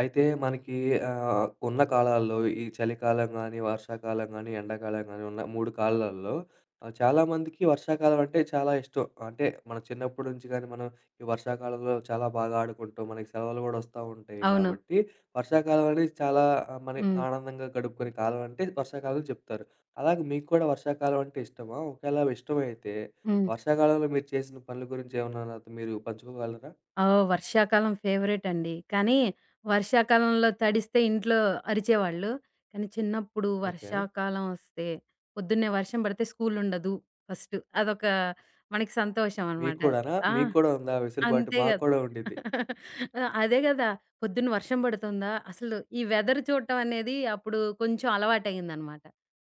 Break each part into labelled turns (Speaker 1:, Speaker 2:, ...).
Speaker 1: అయితే మనకీ ఆహ్, ఉన్న కాలాల్లో ఈ చలికాలం గానీ, వర్షాకాలం గానీ, ఎండాకాలం గానీ ఉన్న 3 కాలాల్లో ఆహ్, చాలామందికి వర్షాకాలం అంటే చాలా ఇష్టం. అంటే మన చిన్నప్పుడి నుంచి గానీ మనం ఈ వర్షాకాలంలో చాలా బాగా ఆడుకుంటాం. మనకి సెలవులు గూడా ఒస్తా ఉంటాయి.
Speaker 2: అవును.
Speaker 1: గాబట్టి వర్షాకాలం అనేది చాలా మరి
Speaker 2: హ్మ్.
Speaker 1: ఆనందంగా గడుపుకునే కాలం అంటే వర్షాకాలం చెప్తారు. అలాగే మీకు కూడా వర్షాకాలం అంటే ఇష్టమా? ఒకేళవి ఇష్టమైతే
Speaker 2: హ్మ్.
Speaker 1: వర్షాకాలంలో మీరు చేసిన పనుల గురించి ఏమన్నా నాతో మీరు పంచుకోగలరా?
Speaker 2: ఆ! వర్షాకాలం ఫేవరేటండి. కానీ వర్షాకాలంలో తడిస్తే ఇంట్లో అరిచేవాళ్ళు. కానీ చిన్నప్పుడు
Speaker 1: ఓకే.
Speaker 2: వర్షాకాలం ఒస్తే పొద్దున్నే వర్షం బడితే స్కూలుండదు. ఫస్ట్ అదొక మనకి
Speaker 1: మీకు
Speaker 2: సంతోషమనమాట.
Speaker 1: కూడానా?
Speaker 2: ఆ!
Speaker 1: మీకు కూడా ఉందా ఆ వెసులుబాటు?
Speaker 2: అంతేగా
Speaker 1: మాకు కూడా ఉండిద్ది.
Speaker 2: అదే గదా! పొద్దున్న వర్షం బడుతుందా అసలు ఈ వెదర్ చూడటం అనేది అప్పుడు కొంచెం అలవాటయిందనమాట.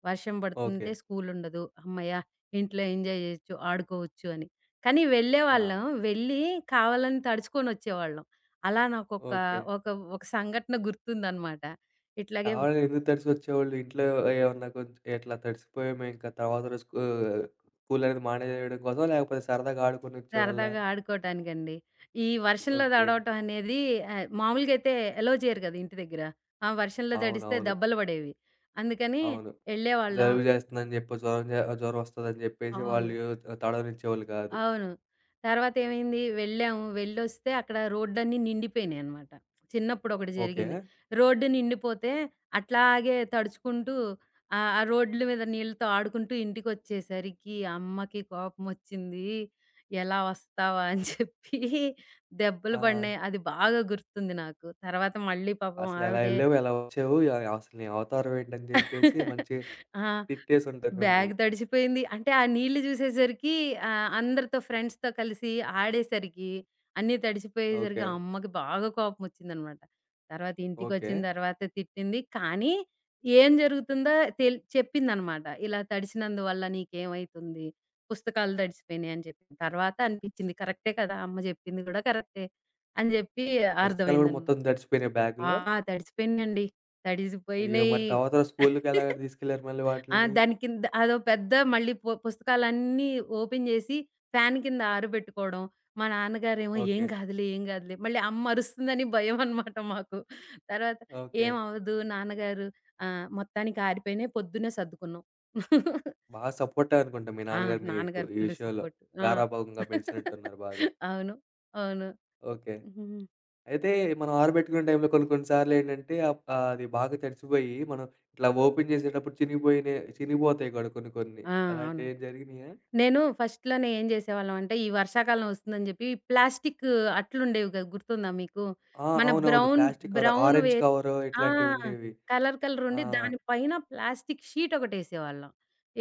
Speaker 2: వర్షం బడుతుంతే
Speaker 1: ఓకే.
Speaker 2: స్కూలుండదు. హమ్మయ్య! ఇంట్లో ఎంజాయ్ జెయొచ్చు. ఆడుకోవచ్చు అని. కానీ వెళ్ళే
Speaker 1: ఆ!
Speaker 2: వాళ్ళం. వెళ్లీ కావాలని తడుచుకొనొచ్చేవాళ్ళం. అలా నాకు ఒకా
Speaker 1: ఓకే.
Speaker 2: ఒక ఒక సంఘటన గుర్తుందనమాట. ఇట్లాగే ఓ
Speaker 1: కావాలని ఎందుకు తడిసికొచ్చేవాళ్ళు? ఇంట్లో ఏమన్నా కొంచెం ఎట్లా తడిసిపోయామే ఇంక తర్వాత రోజు స్కూ స్కూలనేది మానేయడం కోసమా? లేకపోతే సరదాగా ఆడుకొనొచ్చేవాళ్ళా?
Speaker 2: సరదాగా ఆడుకోటానికండి. ఈ వర్షంలో
Speaker 1: ఓకే.
Speaker 2: దడవటం అనేది ఆహ్, మామూలుగా అయితే ఎలో చెయ్యరు గదా! ఇంటి దగ్గెర. ఆ వర్షంలో దడిస్తే
Speaker 1: అవునవును.
Speaker 2: దెబ్బలు బడేవి. అందుకని
Speaker 1: అవును.
Speaker 2: ఎళ్ళేవాళ్ళం.
Speaker 1: జలుబు జేస్తందని జెప్పి జ్వరం జే జ్వరమొస్తదని జెప్పేసి వాళ్ళూ
Speaker 2: అవును.
Speaker 1: ఆహ్, తడవనిచ్చేవాళ్ళు కాదు.
Speaker 2: అవును. తర్వాతేమైంది వెళ్ళాము. వెళ్లొస్తే అక్కడ రోడ్‌లన్ని నిండిపోయినియనమాట. చిన్నప్పుడు ఒకటి జరిగింది
Speaker 1: ఓకే.
Speaker 2: రోడ్డు నిండిపోతే అట్లాగే తడుచుకుంటూ ఆహ్, ఆ రోడ్‌ల మీద నీళ్లతో ఆడుకుంటూ ఇంటికొచ్చేసరికి, అమ్మకి కోపమొచ్చిందీ. ఎలా ఒస్తావా అని చెప్పీ దెబ్బలు
Speaker 1: ఆ!
Speaker 2: పడినాయి. అది బాగా గుర్తుంది నాకు. తర్వాత మళ్ళీ పాపం
Speaker 1: అసలెలా
Speaker 2: ఆవిడే
Speaker 1: ఎళ్ళావు? ఎలా ఒచ్చావు? ఎలాగసలు నీ అవతారం ఏంటని జెప్పేసి మంచిగా
Speaker 2: ఆ!
Speaker 1: తిట్టేసుంటారు
Speaker 2: బ్యాగ్
Speaker 1: మిమ్మల్ని.
Speaker 2: దడిచిపోయింది. అంటే ఆ నీళ్ళు జూసేసరికి ఆహ్, అందరితో ఫ్రెండ్స్‌తో కలిసి ఆడేసరికి అన్నీ తడిచిపోయేసరికి
Speaker 1: ఓకే.
Speaker 2: అమ్మకి బాగా కోపమొచ్చిందనమాట. తర్వాత ఇంటికొచ్చిన
Speaker 1: ఓకే.
Speaker 2: తర్వాత తిట్టింది. కానీ ఏం జరుగుతుందో తెల్ చెప్పిందనమాట. ఇలా తడిసినందువల్ల నీకేమైతుంది, పుస్తకాలు దడిచిపోయినాయి అని జెప్పిన తర్వాత అనిపించింది. కరెక్టే కదా! అమ్మ జెప్పింది గూడా కరెక్టే. అని జెప్పి
Speaker 1: పుస్తకాలు గూడా
Speaker 2: అర్థమైంది అనమ
Speaker 1: మొత్తం దడిచిపోయినాయి
Speaker 2: ఆ!
Speaker 1: బ్యాగ్‌లో?
Speaker 2: తడిసిపోయినాయండి.
Speaker 1: అయ్యో!
Speaker 2: తడిసిపోయినియి.
Speaker 1: మరి తర్వాత స్కూలుకేలా దీసుకెళ్లారు మళ్ళీ
Speaker 2: ఆ!
Speaker 1: వాటిలిని.
Speaker 2: దాని కింద అదో పెద్ద మళ్ళీ పు పుస్తకాలన్నీ ఓపెన్ జేసి ఫ్యాను కింద ఆరబెట్టుకోడం. మా నాన్నగారేమో "ఏం
Speaker 1: ఓకే.
Speaker 2: గాదులే, ఏం గాదులే." మళ్ళీ అమ్మ అరుస్తుందని భయమనమాట మాకు. తర్వాత
Speaker 1: ఓకే.
Speaker 2: ఏమవ్వదు నాన్నగారు ఆహ్, మొత్తానికి ఆరిపోయినియి పొద్దున్నే సర్దుకున్నాం.
Speaker 1: బా సపోర్టనుకుంటా మీ
Speaker 2: ఆ!
Speaker 1: నాన్నగారు మీకు
Speaker 2: నాన్నగారు
Speaker 1: ఈ
Speaker 2: ఫుల్
Speaker 1: విషయంలో.
Speaker 2: సపోర్ట్. ఆ!
Speaker 1: గారాభంగా బెంచినట్టున్నారు బాగా.
Speaker 2: అవును. అవును.
Speaker 1: ఓకే.
Speaker 2: హుహుహు.
Speaker 1: అయితే మనం ఆరబెట్టుకునే టైంలో కొన్ని కొన్ని సార్లేంటంటే అప్ ఆహ్, అది బాగా తడిచిపోయి. మనం ఇట్లా ఓపెన్ జేసేటప్పుడు చినిగిబోయినియి చినిగిబోతాయి గూడా కొన్ని కొన్ని
Speaker 2: ఆ! అవును.
Speaker 1: అలాంటివేం జరిగినియా?
Speaker 2: నేను ఫస్ట్‌లోనే ఏం జేసేవాళ్ళమంటే ఈ వర్షాకాలం ఒస్తుందని జెప్పి ప్లాస్టికు అట్లుండేవి గదా! గుర్తుందా మీకు?
Speaker 1: ఆ!
Speaker 2: మన
Speaker 1: అవునవును.
Speaker 2: బ్రౌన్
Speaker 1: ప్లాస్టికు కవర్
Speaker 2: బ్రౌన్ వే
Speaker 1: ఆరెంజ్ కవర్
Speaker 2: ఆ!
Speaker 1: ఇట్లాంటివుండేవి.
Speaker 2: కలర్
Speaker 1: ఆ!
Speaker 2: కలరుండి దాని పైన ప్లాస్టికు షీటొకటేసేవాళ్ళం.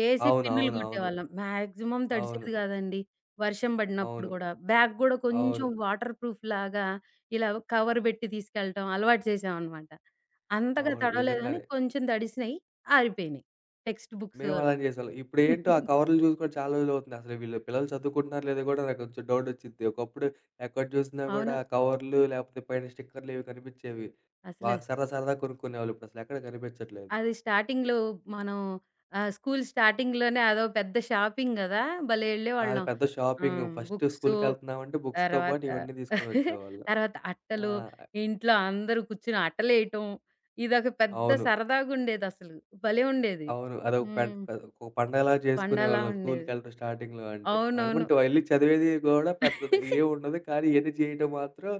Speaker 2: ఏసి పిన్నులు
Speaker 1: అవునవునవును.
Speaker 2: గొట్టేవాళ్ళం మాక్సిమం
Speaker 1: అవును.
Speaker 2: తడిసేది గాదండి. వర్షం బడినప్పుడు
Speaker 1: అవును.
Speaker 2: గూడా బ్యాగ్ గూడా కొంచెం
Speaker 1: అవును.
Speaker 2: వాటర్ ప్రూఫ్‌లాగా ఇలా ఒక కవర్ బెట్టి తీసుకెళ్లటం అలవాటు చేసామనమాట. అంతగా
Speaker 1: అవును.
Speaker 2: తడవలేదు గానీ
Speaker 1: నిజంగానే.
Speaker 2: కొంచెం తడిసినియి. ఆరిపోయినియి టెక్స్ట్ బుక్సు
Speaker 1: మేము
Speaker 2: అవి.
Speaker 1: అలానే జేసేవాళ్ళం. ఇప్పుడేంటో ఆ కవర్లు జూసి కూడా చాలా రోజులవుతుందసలు. వీళ్ళు పిల్లలు చదువుకుంటున్నారో లేదో గూడా నాకు కొంచెం డౌటొచిద్ది. ఒకప్పుడు ఎక్కడ జూసినా గూడా
Speaker 2: అవును.
Speaker 1: కవర్లు లేపోతే, పైన స్టిక్కర్‌లివి గనిపించేవి.
Speaker 2: అసలు
Speaker 1: బాగా సరదా సరదాగా కొనుక్కునేవాళ్ళు. ఇప్పుడసలెక్కడ గనిపించట్లేదు.
Speaker 2: అది స్టార్టింగ్‌లో మనం ఆహ్, స్కూలు స్టార్టింగ్‌లోనే అదో పెద్ద షాపింగ్ గదా! భలే
Speaker 1: అది
Speaker 2: ఎళ్ళేవాళ్ళం.
Speaker 1: పెద్ద
Speaker 2: ఆహ్,
Speaker 1: షాపింగ్.
Speaker 2: హ్మ్,
Speaker 1: ఫస్ట్
Speaker 2: బుక్సు
Speaker 1: స్కూలుకెళ్తున్నామంటే బుక్స్‌తో పాటు
Speaker 2: తర్వాత
Speaker 1: ఇవన్నీ దీసుకొనొచ్చేవాళ్ళం.
Speaker 2: తర్వాత
Speaker 1: ఆ!
Speaker 2: అట్టలు ఇంట్లో అందరూ కూర్చొని అట్టలేయటం. ఇదొక పెద్ద
Speaker 1: అవును.
Speaker 2: సరదాగుండేదససలు. భలే ఉండేది.
Speaker 1: అవును. అదొక పెంట్
Speaker 2: హ్మ్.
Speaker 1: కాదు. ఒక పండగలాగా
Speaker 2: పండలా
Speaker 1: జేసుకునేవాళ్ళం
Speaker 2: ఉండేది.
Speaker 1: స్కూలుకెళ్ళటం స్టార్టింగ్‌లో అంటే.
Speaker 2: అవునవును.
Speaker 1: ఆడమంటో యెళ్లి చదివేది గూడా పెద్దది ఏవుండదు. కానీ ఇయన్నీ జేయడం మాత్రం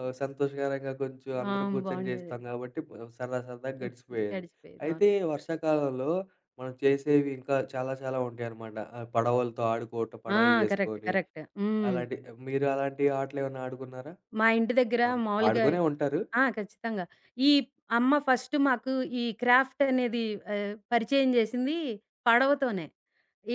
Speaker 1: ఆహ్, సంతోషకరంగా కొంచెం అందరూ
Speaker 2: అవును.
Speaker 1: గూర్చొని
Speaker 2: బావుండేది.
Speaker 1: జేస్తాం గాబట్టి సరదా సరదాగా
Speaker 2: హ్మ్.
Speaker 1: గడిచిపోయేది.
Speaker 2: గడిచిపోయేదవును.
Speaker 1: అయితే వర్షాకాలంలో మనం చేసేవి ఇంకా చాలా చాలా ఉంటాయనమాట. ఆహ్, పడవలతో ఆడుకోటం
Speaker 2: ఆ!
Speaker 1: పడవలు
Speaker 2: కరెక్ట్.
Speaker 1: జేసుకొని
Speaker 2: కరెక్ట్. హ్మ్.
Speaker 1: అలాంటి, మీరలాంటి ఆటలేమన్నా ఆడుకున్నారా?
Speaker 2: మా ఇంటి దగ్గర
Speaker 1: క‌మ్
Speaker 2: మాలుగాయి
Speaker 1: ఆడుకునే ఉంటారు.
Speaker 2: ఆ! ఖచ్చితంగా. ఈ అమ్మ ఫస్ట్ మాకు ఈ క్రాఫ్టనేది ఆహ్, పరిచయం జేసింది పడవతోనే.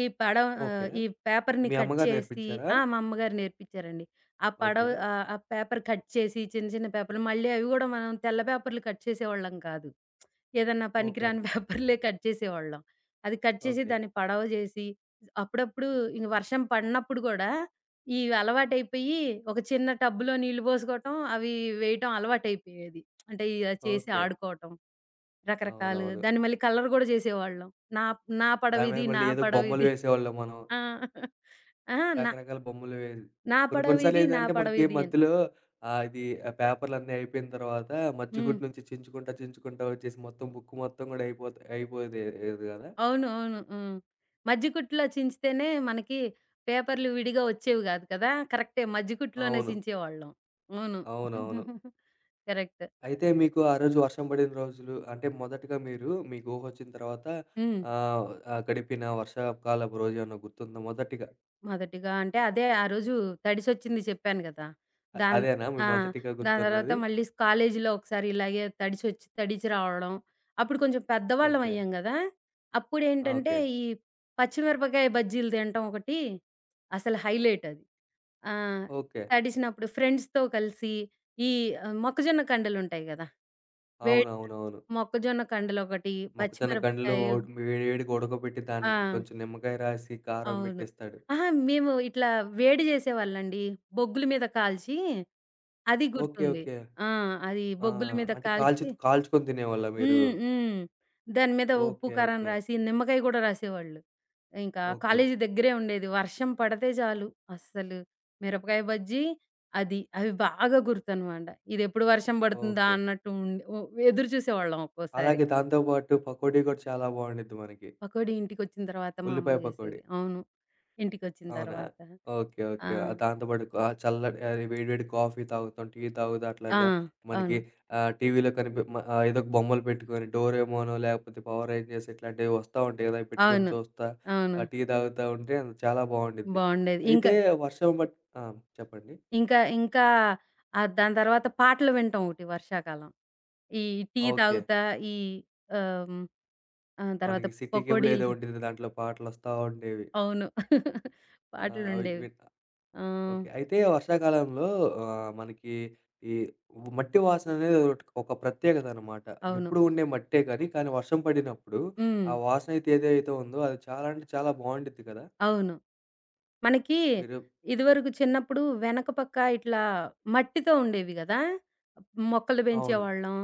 Speaker 2: ఈ పడవ
Speaker 1: ఓకే.
Speaker 2: ఆహ్, ఈ పేపర్‌ని
Speaker 1: మీ
Speaker 2: కట్
Speaker 1: అమ్మగారు
Speaker 2: చేసి
Speaker 1: నేర్పించారా?
Speaker 2: ఆ! మా అమ్మగారు నేర్పించారండి. ఆ పడవ
Speaker 1: ఓకే.
Speaker 2: ఆహ్, ఆ పేపర్ కట్ చేసి చిన్న చిన్న పేపర్లు మళ్ళీ అవి గూడా మనం తెల్ల పేపర్లు కట్ చేసే వాళ్ళం కాదు. ఏదన్నా
Speaker 1: ఓకే.
Speaker 2: పనికిరాని పేపర్‌లే కట్ చేసేవాళ్ళం. అది కట్ చేసి,
Speaker 1: ఓకే.
Speaker 2: దాన్ని పడవ జేసి అప్పుడప్పుడూ ఇది వర్షం పడినప్పుడు గూడా, ఈ అలవాటయిపోయి ఒక చిన్న టబ్బులో నీళ్లు బోసుకోవటం అవి వేయటం అలవాటయిపోయేది. అంటే ఇయే చేసి
Speaker 1: ఓకే.
Speaker 2: ఆడుకోటం. రకరకాలుగా
Speaker 1: అవునవును.
Speaker 2: దాన్ని మళ్ళీ కలర్ గూడా జేసేవాళ్ళం. నాప్ నా
Speaker 1: దాని మీద
Speaker 2: పడవిది నా
Speaker 1: మళ్ళీ ఏదో బొమ్మలు
Speaker 2: పడవిది.
Speaker 1: వేసేవాళ్ళం మనం.
Speaker 2: ఆ! అహా! నా...
Speaker 1: రకరకాల బొమ్మలు వే
Speaker 2: నా
Speaker 1: కొన్ని కొన్ని సార్లు
Speaker 2: పడవిది. నా
Speaker 1: ఏందంటే మనకి
Speaker 2: పడవిదీ అని.
Speaker 1: మధ్యలో ఆహ్, ఇది పేపర్‌లన్నీ అయిపోయిన తర్వాత మజ్జి గుట్టు
Speaker 2: హ్మ్.
Speaker 1: నుంచి చించుకుంటా చించుకుంటూ ఒచ్చేసి మొత్తం బుక్ మొత్తం గూడా అయిపోతే అయిపోయేయేది గదా?
Speaker 2: అవును. అవును. హ్మ్. మజ్జి కుట్టులో చించితేనే మనకి పేపర్లు విడిగా ఒచ్చేవి గాదు కదా! కరెక్టే మజ్జి కుట్టులోనే
Speaker 1: అవును.
Speaker 2: చించే వాళ్ళం. అవును.
Speaker 1: అవునవును.
Speaker 2: కరెక్ట్.
Speaker 1: అయితే మీకు ఆ రోజు వర్షం బడిన రోజులు అంటే మొదటిగా మీరు మీకూహొచ్చిన తర్వాత
Speaker 2: హ్మ్.
Speaker 1: ఆహ్, ఆ గడిపిన వర్షాపుకాలపు రోజేమన్నా గుర్తుందా మొదటిగా?
Speaker 2: మొదటిగా అంటే అదే ఆరోజు తడిసొచ్చింది చెప్పాను గదా!
Speaker 1: అ
Speaker 2: దాన్
Speaker 1: అదేనా మీ
Speaker 2: ఆ!
Speaker 1: మొదటిగా
Speaker 2: దాని తర్వాత
Speaker 1: గుర్తున్నది?
Speaker 2: మళ్ళీ కాలేజీలో ఒకసారి ఇలాగే తడిసొచ్చి తడిచి రావడం, అప్పుడు కొంచెం పెద్దవాళ్ళం
Speaker 1: ఓకే.
Speaker 2: అయ్యాం గదా! అప్పుడేంటంటే,
Speaker 1: ఓకే.
Speaker 2: ఈ పచ్చిమిరపకాయ బజ్జీలు తినటం ఒకటి, అసలు హైలైటది. ఆ!
Speaker 1: ఓకే.
Speaker 2: తడిసినప్పుడు ఫ్రెండ్స్‌తో కలిసి, ఈ ఆహ్, మొక్కజొన్న కండలుంటాయి గదా! వేడ్
Speaker 1: అవునవునవును.
Speaker 2: మొక్కజొన్న కండలోకటి,
Speaker 1: మొక్క జొన్న కండ్లు
Speaker 2: పచ్చిమిరపకాయ
Speaker 1: ఒడ్ వేడి వేడిగా ఉడకబెట్టి, దానికి
Speaker 2: ఆ!
Speaker 1: కొంచెం నిమ్మకాయ రాసి, కారం
Speaker 2: అవును.
Speaker 1: బెట్టిస్తాడు.
Speaker 2: అహా! మేము ఇట్లా వేడి జేసేవాళ్ళండి. బొగ్గుల మీద కాల్చి, అది
Speaker 1: ఓకే
Speaker 2: గుర్తుంది.
Speaker 1: ఓకే.
Speaker 2: ఆ! అది
Speaker 1: ఆ!
Speaker 2: బొగ్గుల మీద
Speaker 1: అంటే
Speaker 2: కాల్చి
Speaker 1: కాల్చుద్ కాల్చుకొని దినేవాళ్ళా మీరు?
Speaker 2: హ్మ్. హ్మ్. దాని మీద ఉప్పు,
Speaker 1: ఓకే
Speaker 2: కారం
Speaker 1: ఓకే.
Speaker 2: రాసి, నిమ్మకాయ గూడా రాసేవాళ్ళు. ఇంకా
Speaker 1: ఓకే.
Speaker 2: కాలేజీ దగ్గరే ఉండేది వర్షం పడితే జాలు, అస్సలు మిరపకాయ బజ్జీ, అది అవి బాగా గుర్తనమాట. ఇదెప్పుడు వర్షం పడుతుందా
Speaker 1: ఓకే.
Speaker 2: అన్నట్టు ఉం ఒ ఎదురు జూసేవాళ్ళం ఒక్కోసారి.
Speaker 1: అలాగే దాంతో పాటు పకోడీ గూడా చాలా బావుండుద్ది మనకి.
Speaker 2: పకోడీ ఇంటికొచ్చిన తర్వాత మా అమ్మ
Speaker 1: ఉల్లిపాయ పకోడి.
Speaker 2: జేసేది. అవును. ఇంటికొచ్చిన
Speaker 1: అవునా?
Speaker 2: తర్వాత
Speaker 1: ఓకే.
Speaker 2: ఆ!
Speaker 1: ఓకే. దాంతో పాటు ఆహ్, చల్లని ఆహ్, వేడి వేడి కాఫీ తాగుతాం, టీ తాగుతా
Speaker 2: ఆ!
Speaker 1: అట్లాగా మనకి
Speaker 2: అవును.
Speaker 1: ఆహ్, టీవీలో కనిపి మ ఆహ్, ఏదో ఒక బొమ్మలు పెట్టుకొని డోరేమోనో, లేకపోతే పవర్ రేంజర్స్ ఇట్లాంటివి ఒస్తా ఉంటాయి గదా! అవి పెట్టుకొని
Speaker 2: అవును.
Speaker 1: చూస్తా,
Speaker 2: అవును.
Speaker 1: ఆ టీ తాగుతా ఉంటే, చాలా బావుండిద్ది.
Speaker 2: బావుండేది. ఇంకా...
Speaker 1: అయితే వర్షం పడ్ ఆ! చెప్పండి?
Speaker 2: ఇంకా ఇంకా ఆ దాని తర్వాత పాటలు వినటం ఒకటి వర్షాకాలం. ఈ టీ
Speaker 1: ఓకే.
Speaker 2: తాగుతా, ఈ ఆహ్, ఆ! తర్వాత
Speaker 1: మనకి సిటీ కేబుల్
Speaker 2: పకోడీలు
Speaker 1: ఏదో
Speaker 2: తి
Speaker 1: ఉండిద్ది దాంట్లో పాటలోస్తా ఉండేవి.
Speaker 2: అవును.
Speaker 1: ఆ! అవిడ్
Speaker 2: పాటలుండేవి.
Speaker 1: విడ్
Speaker 2: ఆహ్
Speaker 1: ఓకే అయితే వర్షాకాలంలో ఆహ్, మనకి ఈ ము మట్టి వాసననేదదోకటి ఒక ప్రత్యేకతనమాట.
Speaker 2: అవును.
Speaker 1: ఎప్పుడు ఉండే మట్టే గాని, కానీ వర్షం పడినప్పుడు, ఆ
Speaker 2: హ్మ్.
Speaker 1: వాసన అయితే ఏదైతే ఉందో అది చాలా అంటే చాలా బావుండిద్ది కదా!
Speaker 2: అవును. మనకి
Speaker 1: మీరు
Speaker 2: ఇదివరకు చిన్నప్పుడు వెనక పక్క ఇట్లా మట్టితో ఉండేవి గదా! మొక్కలు పెంచే
Speaker 1: అవును.
Speaker 2: వాళ్ళం.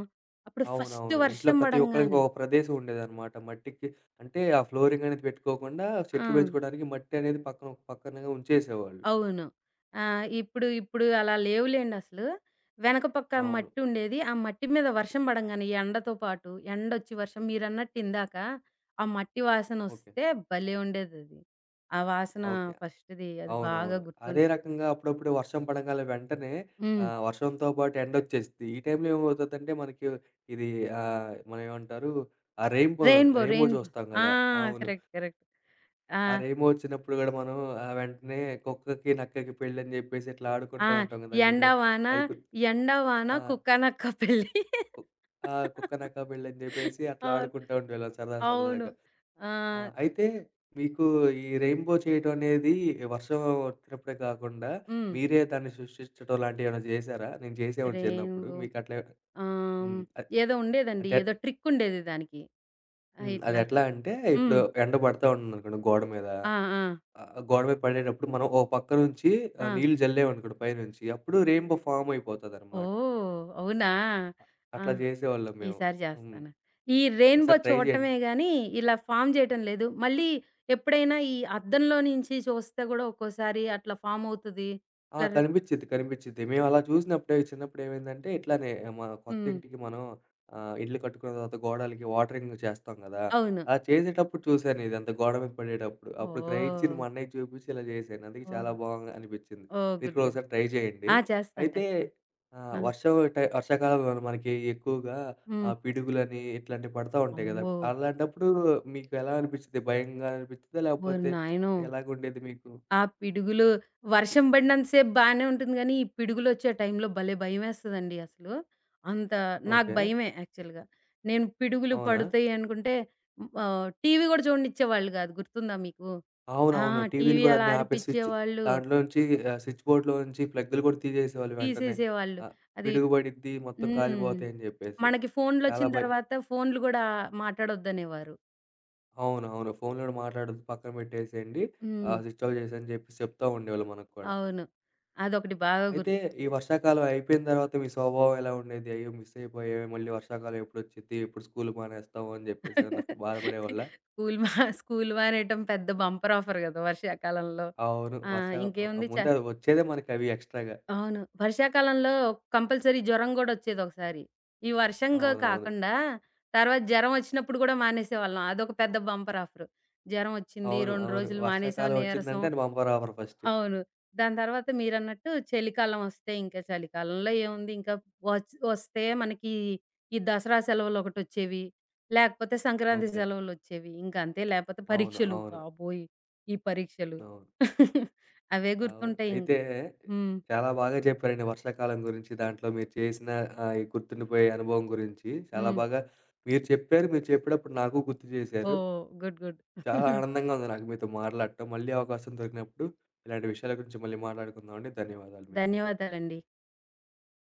Speaker 2: అప్పుడు ఫస్ట్
Speaker 1: అవునవును. ఇంట్లో
Speaker 2: వర్షం
Speaker 1: ప్రతి ఒక్కలికి
Speaker 2: పడంగానే
Speaker 1: ఒక ప్రదేశం ఉండేదన్నమాట. మట్టికి అంటే ఆ ఫ్లోరింగ్ అనేది పెట్టుకోకుండా చెట్లు
Speaker 2: ఆ!
Speaker 1: బెంచుకోవడానికి మట్టనేది పక్కన ఒక పక్కనగా ఉంచేసేవాళ్ళు.
Speaker 2: అవును. ఆ! ఇప్పుడు, ఇప్పుడు అలా లేవు లెండి అసలు. వెనక పక్క
Speaker 1: అవును.
Speaker 2: మాట్టుండేది. ఆ మట్టి మీద వర్షం బడంగానే యెండతో పాటు, యెండొచ్చి వర్షం మీరన్నట్టిందాక, ఆ మట్టి
Speaker 1: ఓకే.
Speaker 2: వాసనొస్తే భలే ఉండేదది. ఆ వాసన
Speaker 1: ఓకే.
Speaker 2: ఫస్ట్‌ది అది బాగా
Speaker 1: అవునవును.
Speaker 2: గుర్తున్
Speaker 1: అదే రకంగా అప్పుడప్పుడు వర్షం పడంగాలనే వెంటనే
Speaker 2: హ్మ్.
Speaker 1: ఆహ్, వర్షంతో పాటు ఎండోచ్చేసిద్ది. ఈ టైంలో ఏమవుతుందంటే మనకు ఇది ఆహ్, మన ఏమంటారు ఆ రైన్ బో,
Speaker 2: రైన్ బో,
Speaker 1: రైన్ బో
Speaker 2: రైన్ బో.
Speaker 1: జూస్తాం
Speaker 2: ఆ!
Speaker 1: గదా! అవును.
Speaker 2: Correct correct. ఆ!
Speaker 1: ఆ రైన్ బో ఒచ్చినప్పుడు గూడా, మనం ఆహ్, వెంటనే కుక్కకి, నక్కకి పెళ్ళి అని జెప్పేసి ఇట్లా
Speaker 2: ఆ!
Speaker 1: ఆడుకుంటూ ఉంటాం గదా! మీరు
Speaker 2: ఎండవాన,
Speaker 1: అది. గు
Speaker 2: ఎండవాన
Speaker 1: ఆ!
Speaker 2: కుక్కనక్క పెళ్ళి.
Speaker 1: కు ఆ! కుక్క, నక్క పెళ్లని జెప్పేసి, అట్లా
Speaker 2: అవును.
Speaker 1: ఆడుకుంటూ ఉండేవాళ్ళం సరదా
Speaker 2: అవును.
Speaker 1: సరదాగా. ఆ!
Speaker 2: ఆహ్
Speaker 1: అయితే మీకు ఈ రైన్ బో చేయటం అనేది వర్షం ఒచ్చినప్పుడే కాకుండా,
Speaker 2: హ్మ్.
Speaker 1: మీరే దాన్ని సృష్టించడం లాంటివి ఏమైనా జేసారా? నేను చేసేవాడిని
Speaker 2: రైన్
Speaker 1: చిన్నప్పుడు
Speaker 2: బో.
Speaker 1: మీకట్లే
Speaker 2: ఆహ్,
Speaker 1: హ్మ్. అ
Speaker 2: ఏదో ఉండేదండి, ఏదో
Speaker 1: అంటేంట్
Speaker 2: ట్రిక్ ఉండేది దానికి ఆహ్,
Speaker 1: హ్మ్.
Speaker 2: ఇట్లా
Speaker 1: అదెట్లా అంటే ఇప్పుడు
Speaker 2: హ్మ్.
Speaker 1: ఎండ బడతా ఉంటుందనుకోండి గోడ మీద.
Speaker 2: ఆ! ఆ!
Speaker 1: ఆహ్, గోడ మీద బడేటప్పుడు మనం ఓ పక్క నుంచి ఆహ్
Speaker 2: ఆ!
Speaker 1: నీళ్ళు జల్లామనుకోండి పైనుంచి అప్పుడు రైన్ బో ఫామయిపోతదన్నమాట.
Speaker 2: ఓహ్! అవునా!
Speaker 1: అ
Speaker 2: ఆ!
Speaker 1: అట్లా జేసేవాళ్ళం మేము.
Speaker 2: ఈసారి
Speaker 1: హ్మ్.
Speaker 2: జేస్తాను. ఈ రైన్ బో
Speaker 1: ఒకసారి ట్రై జేయండి.
Speaker 2: చూడటమే గాని ఇలా ఫార్మ్ జేయటం లేదు. మళ్ళీ ఎప్పుడైనా ఈ అద్దంలో నుంచి చూస్తే గూడా ఒక్కోసారి అట్లా ఫార్మ్ అవుతది.
Speaker 1: ఆ!
Speaker 2: ఇట్ల రె
Speaker 1: కనిపిచిద్ది కనిపిచిద్ది. మేమలా చూసినప్పుడే చిన్నప్పుడు ఏమైందంటే, ఇట్లానే మా కొత్త
Speaker 2: హ్మ్.
Speaker 1: ఇంటికి మనం ఆహ్, ఇల్లు కట్టుకున్న తర్వాత గోడలకి వాటరింగ్ జేస్తం గదా!
Speaker 2: అవును.
Speaker 1: అలా చేసేటప్పుడు చూశానిదంతా గోడ మీద పడేటప్పుడు, అప్పుడు గ్రహించింది మా
Speaker 2: ఓహ్!
Speaker 1: అన్నయ్యకి చూపించి ఇలా చేసాను, అందుకే చాలా
Speaker 2: ఓహ్!
Speaker 1: బావుంది అనిపించింది.
Speaker 2: ఓహ్!
Speaker 1: మీరు
Speaker 2: గుడ్
Speaker 1: గూడా
Speaker 2: గుడ్.
Speaker 1: ఒకసారి ట్రై జేయండి.
Speaker 2: ఆ! చేస్తాను
Speaker 1: అయితే
Speaker 2: చేస్తాను.
Speaker 1: ఆహ్,
Speaker 2: ఆ!
Speaker 1: వర్షం టై వర్షాకాలంలో మనకి ఎక్కువగా
Speaker 2: హ్మ్.
Speaker 1: ఆహ్, పిడుగులని ఇట్లాంటివి పడుత ఉంటాయి గదా!
Speaker 2: అమ్మో!
Speaker 1: అలాంటప్పుడు మీకెలానిపిచిది భయంగా అనిపిస్తుందా
Speaker 2: ఓరి
Speaker 1: లేపోతే
Speaker 2: నాయనో!
Speaker 1: ఎలాగుండేది మీకు?
Speaker 2: ఆ పిడుగులు వర్షం బడినంత సేపు బానే ఉంటుంది గాని, ఈ పిడుగులోచ్చే టైంలో భలే భయమేస్తదండి అసలు. అంత నాకు
Speaker 1: ఓకే.
Speaker 2: భయమే యాక్చువల్‌గా. నేను పిడుగులు
Speaker 1: అవునా?
Speaker 2: పడతాయి అనుకుంటే ఆహ్, టీవీ గూడా జూడనిచ్చేవాళ్ళు గాదు. గుర్తుందా మీకు? ఆ!
Speaker 1: అవునవును. టీవీలు
Speaker 2: టీవీ
Speaker 1: గూడా
Speaker 2: అలా
Speaker 1: అన్నీ ఆపేసి స్విచ్చు
Speaker 2: అరిపించేవాళ్ళు.
Speaker 1: దాంట్లోంచి ఆహ్, స్విచ్ బోర్డ్‌లో నుంచి ప్లగ్గులు గూడా తీసేసేవాళ్ళు వెంటనే.
Speaker 2: తీసేసేవాళ్ళు.
Speaker 1: ఆహ్,
Speaker 2: అది
Speaker 1: పిడుగు బడిద్ది మొత్తం
Speaker 2: హ్మ్.
Speaker 1: కాలిపోతాయని జెప్పేసి.
Speaker 2: మనకి
Speaker 1: చాలా
Speaker 2: ఫోనులోచ్చిన
Speaker 1: భయ్
Speaker 2: తరువాత ఫోనులు గూడా మాట్లాడొద్దనేవారు.
Speaker 1: అవునవును. ఫోనులోని మాట్లాడద్దు పక్కన పెట్టేసేయండి.
Speaker 2: హ్మ్.
Speaker 1: ఆహ్, స్విచ్ ఆఫ్ జేసేయ్ అని జెప్పి. చెప్తా ఉండేవాళ్ళు మనకు కూడా.
Speaker 2: అవును. అదొకటి బాగా గుర్త్
Speaker 1: అయితే, ఈ వర్షాకాలం అయిపోయిన దర్వాత మీ సౌభావం ఎలా ఉండేది? అయ్యో! మిస్ అయిపోయామే మళ్ళీ వర్షాకాలం ఎప్పుడొచ్చిద్ది? ఎప్పుడు స్కూల్ మానేస్తాం? అని జెప్పేసి ఏవన్నా బాధపడేవాళ్ళా?
Speaker 2: స్కూల్ మా స్కూల్ మానేయటం. పెద్ద బంపర్ ఆఫర్ గదా! వర్షాకాలంలో.
Speaker 1: అవును.
Speaker 2: ఆ!
Speaker 1: వర్ష అవ్ అవ్
Speaker 2: ఇంకేముంది. చ
Speaker 1: ముందే అదొచ్చేదే మనకవి ఎక్స్‌స్ట్రా‌గా
Speaker 2: అవును. వర్షాకాలంలో కంపల్సరీ జ్వరం గూడా ఒచ్చేది ఒకసారి. ఈ వర్షంగా
Speaker 1: అవునవును.
Speaker 2: కాకుండా, తర్వాత జరం ఒచ్చినప్పుడు గూడా మానేసేవాళ్ళం. అదొక పెద్ద బంపర్ ఆఫరు. జరం ఒచ్చింది.
Speaker 1: అవును. అవును.
Speaker 2: రొండ్రోజులు మానేసాం,
Speaker 1: వర్షాకాలం
Speaker 2: నీరసం.
Speaker 1: ఒచ్చిందంటే అది బంపర్ ఆఫర్ ఫస్ట్.
Speaker 2: అవును. దాని తర్వాత మీరన్నట్టు చలికాలం ఒస్తే, ఇంకా చలికాలంలో ఏముంది, ఇంకా ఒచ్ ఒస్తే మనకి ఈ దసరా సెలవులు ఒకటి ఒచ్చేవి, లేపోతే సంక్రాంతి
Speaker 1: ఓకే.
Speaker 2: సెలవులు ఒచ్చేవి. ఇంకా అంతే లేపోతే
Speaker 1: అవును.
Speaker 2: పరీక్షలు.
Speaker 1: అవును.
Speaker 2: బాబోయ్! ఈ పరీక్షలు
Speaker 1: అవును.
Speaker 2: అవే
Speaker 1: అవును.
Speaker 2: గుర్తుంటాయి ఇంక.
Speaker 1: అయితే
Speaker 2: హ్మ్.
Speaker 1: చాలా బాగా చెప్పారండి వర్షాకాలం గురించి, దాంట్లో మీరు చేసిన ఆహ్, గుర్తుండిపోయే అనుభవం గురించి. చాలా
Speaker 2: హ్మ్.
Speaker 1: బాగా మీరు చెప్పారు. మీరు చెప్పేటప్పుడు నాకు గుర్తు జేశారు.
Speaker 2: ఓహ్! గుడ్. గుడ్.
Speaker 1: చాలా ఆనందంగా ఉంది నాకు మీతో మాట్లాడటం. మళ్ళీ అవకాశం దొరికినప్పుడు, ఇలాంటి విషయాల గురించి మళ్ళీ మాట్లాడుకుందాం అండి. ధన్యవాదాలు మీకు.
Speaker 2: ధన్యవాదలండి.